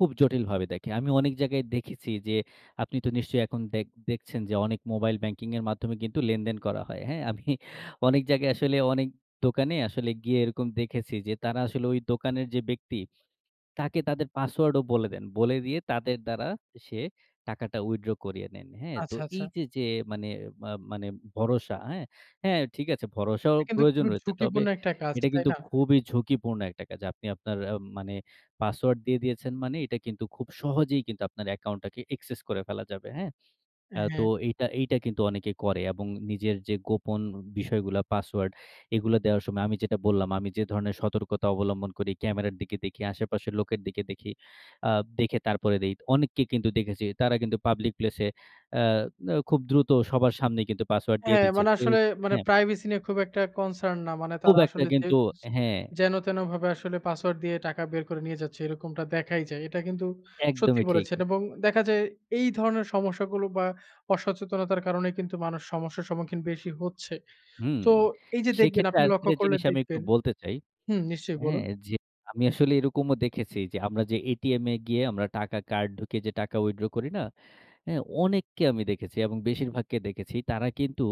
খুব জটিলভাবে দেখে। আমি অনেক জায়গায় দেখেছি যে, আপনি তো নিশ্চয়ই এখন দেক দেখছেন যে, অনেক মোবাইল ব্যাংকিং এর মাধ্যমে কিন্তু লেনদেন করা হয়। হ্যাঁ? আমি অনেক জায়গায় আসলে অনেক দোকানে আসলে গিয়ে এরকম দেখেছি যে, তারা আসলে ওই দোকানের যে, ব্যক্তি তাকে তাদের পাসওয়ার্ডও বলে দেন। বলে দিয়ে তাদের দ্বারা সে টাকাটা withdraw করিয়ে নেন। হ্যাঁ? তো আচ্ছা, আচ্ছা। এই যে, যে, মানে মা মানে ভরসা হ্যাঁ? হ্যাঁ, ঠিক আছে, ভরসাও এটা কিন্তু প্রয়োজন খুবই রয়েছে। তবে ঝুঁকিপূর্ণ একটা কাজ, এটা তাই কিন্তু না? খুবই ঝুঁকিপূর্ণ একটা কাজ। আপনি আপনার আম মানে পাসওয়ার্ড দিয়ে দিয়েছেন মানে এটা কিন্তু খুব সহজেই কিন্তু আপনার অ্যাকাউন্টটাকে access করে ফেলা যাবে। হ্যাঁ। অ্যা তো হ্যাঁ। এইটা, এইটা কিন্তু অনেকে করে। এবং নিজের যে, গোপন বিষয়গুলা পাসওয়ার্ড এগুলা দেওয়ার সময় আমি যেটা বললাম আমি যে, ধরণের সতর্কতা অবলম্বন করি, ক্যামেরার দিকে দেখি, আশেপাশের লোকের দিকে দেখি, আ দেখে তারপরে দেই। অনেক কে কিন্তু দেখেছি। তারা কিন্তু পাবলিক প্লেস এ অ্যা অ খুব দ্রুত সবার সামনেই কিন্তু পাসওয়ার্ড দিয়ে হ্যাঁ, দিচ্ছে, মানে কেউ আসলে মানে হ্যাঁ। প্রাইভেসি নিয়ে খুব একটা concern না। মানে খুব তারা একটা আসলে যে, কিন্তু হ্যাঁ। যেন তেনো ভাবে আসলে পাসওয়ার্ড দিয়ে টাকা বের করে নিয়ে যাচ্ছে এরকমটা দেখাই যায়। এটা কিন্তু সত্যি একদমই ঠিক। বলেছেন, এবং দেখা যায় এই ধরনের সমস্যাগুলো বা অসচেতনতার কারণে কিন্তু মানুষ সমস্যার সম্মুখীন বেশি হচ্ছে। হুম, তো এই যে, দেখবেন সেক্ষেত্রে আপনি আর লক্ষ্য একটা করলে জিনিস আমি একটু দেখবেন বলতে চাই হুম, নিশ্চয়ই বলুন। হ্যাঁ, যে, আমি আসলে এরকমও দেখেছি যে, আমরা যে, এটিএম এ গিয়ে আমরা টাকা কার্ড ঢুকিয়ে যে, টাকা withdraw করি না? অ্যা অনেককে আমি দেখেছি এবং বেশিরভাগকে দেখেছি, তারা কিন্তু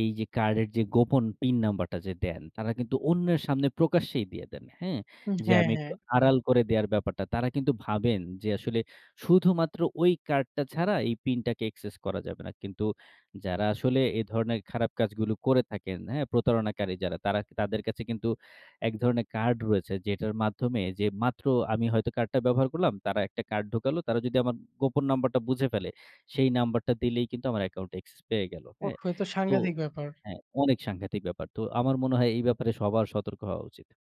এই যে, কার্ডের যে, গোপন পিন যে, নাম্বারটা দেন, তারা কিন্তু অন্যের সামনে প্রকাশ্যেই দিয়ে দেন। হ্যাঁ, উম যে, হ্যাঁ, আমি একটু হ্যাঁ। আড়াল করে দেয়ার ব্যাপারটা। তারা কিন্তু ভাবেন যে, আসলে শুধুমাত্র ওই কার্ডটা ছাড়া এই পিনটাকে access করা যাবে না। কিন্তু যারা আসলে এ ধরনের খারাপ কাজগুলো করে থাকেন হ্যাঁ? প্রতারণাকারী যারা তারা তাদের কাছে কিন্তু এক ধরনের কার্ড রয়েছে যেটার মাধ্যমে যে, মাত্র আমি হয়তো কার্ডটা ব্যবহার করলাম, তারা একটা কার্ড ঢোকালো। তারা যদি আমার গোপন নাম্বারটা বুঝে ফেলে সেই নাম্বারটা দিলেই কিন্তু আমার অ্যাকাউন্ট access পেয়ে গেল। ওফ! হ্যাঁ? এ তো তো সাংঘাতিক ব্যাপার! হ্যাঁ, অনেক সাংঘাতিক ব্যাপার। তো আমার মনে হয় এই ব্যাপারে সবার সতর্ক হওয়া উচিত।